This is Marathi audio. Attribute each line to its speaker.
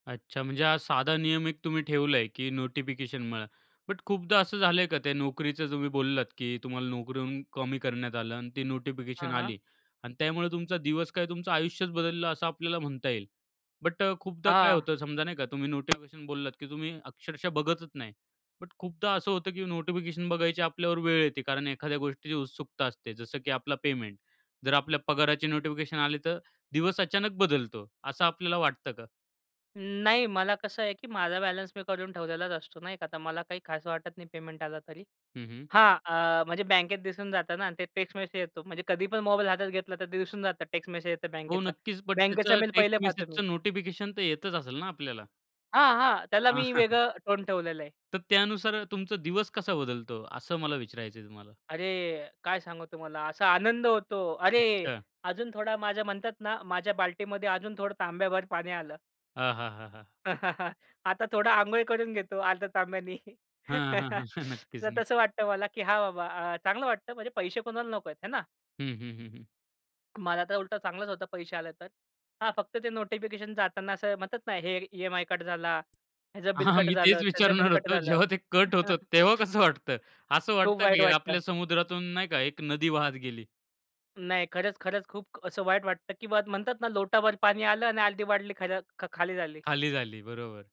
Speaker 1: अच्छा म्हणजे हा साधा नियम एक तुम्ही ठेवला आहे की नोटिफिकेशन म्हणा. बट खूपदा असं झालं आहे का त्या नोकरीचं तुम्ही बोललात की तुम्हाला नोकरीहून कमी करण्यात आलं आणि ती
Speaker 2: हां,
Speaker 1: नोटिफिकेशन
Speaker 2: हां.
Speaker 1: आली आणि त्यामुळे तुमचा दिवस काय तुमचं आयुष्यच बदललं असं आपल्याला म्हणता येईल. बट अ, खूपदा काय
Speaker 2: हां.
Speaker 1: होतं समजा नाही का तुम्ही नोटिफिकेशन बोललात की तुम्ही अक्षरशः बघतच नाही. बट खूपदा असं होतं की नोटिफिकेशन बघायची आपल्यावर वेळ येते कारण एखाद्या गोष्टीची उत्सुकता असते, जसं की आपला पेमेंट. जर आपल्या पगाराची नोटिफिकेशन आली तर दिवस अचानक बदलतो. असं आपल्याला वाटतं का?
Speaker 2: अं, नाही मला कसं आहे की माझा बॅलन्स मी करून ठेवलेलाच असतो नाही का. तर मला काही खास वाटत नाही पेमेंट आला तरी.
Speaker 1: हं, हं.
Speaker 2: हां अ, म्हणजे बँकेत दिसून जातं ना ते टेक्स्ट मेसेज येतो. म्हणजे कधी पण मोबाईल हातात घेतला तर ते दिसून जातं. टेक्स्ट मेसेज येतो
Speaker 1: हो.
Speaker 2: बँकेचा.
Speaker 1: नक्कीच बट
Speaker 2: बँकेचा
Speaker 1: त्याचं
Speaker 2: मेल पहिले
Speaker 1: टेक्स्ट
Speaker 2: पाहतो मी.
Speaker 1: मेसेजचं नोटिफिकेशन तर येतच असेल ना आपल्याला?
Speaker 2: हां, हां. त्याला मी
Speaker 1: हां.
Speaker 2: वेगळं टोन ठेवलेलं आहे.
Speaker 1: तर त्यानुसार तुमचा दिवस कसा बदलतो? असं मला विचारायचं आहे तुम्हाला.
Speaker 2: अरे! काय सांगू तुम्हाला असा आनंद होतो. अरे!
Speaker 1: अच्छा.
Speaker 2: अजून थोडा माझ्या म्हणतात ना माझ्या बाल्टीमध्ये अजून थोडं तांब्याभर पाणी आलं.
Speaker 1: हां, हां, हां, हां.
Speaker 2: आता थोडा अंघोळ करून घेतो अर्धा तांब्यानी.
Speaker 1: हां, हां, हां. नक्कीच,
Speaker 2: तर तसं
Speaker 1: नक्कीच.
Speaker 2: वाटतं मला की हां बाबा अ, चांगलं वाटतं. म्हणजे पैसे कोणाला नको आहेत, है ना?
Speaker 1: हं, हं, हं, हं.
Speaker 2: मला तर उलटं चांगलाच होता पैसे आले तर. हां फक्त ते नोटिफिकेशन जाताना असं म्हणतात ना हे एक ईएमआय कट झाला, ह्याचं बिल
Speaker 1: हां, हां.
Speaker 2: कट
Speaker 1: मी
Speaker 2: झालं,
Speaker 1: तेच
Speaker 2: त्याचं बिल
Speaker 1: विचारणार
Speaker 2: कट
Speaker 1: होतो.
Speaker 2: झालं.
Speaker 1: जेव्हा ते कट होतं तेव्हा कसं वाटतं? असं
Speaker 2: खूप
Speaker 1: वाटतं
Speaker 2: वाईट
Speaker 1: की आपल्या
Speaker 2: वाटतं.
Speaker 1: समुद्रातून नाही का एक नदी वाहात गेली.
Speaker 2: नाही खरंच, खरंच खूप असं वाईट वाटतं की बा म्हणतात ना लोटाभर पाणी आलं आणि अगदी बादली खरं ख खाली झाली.
Speaker 1: खाली झाली. बरोबर.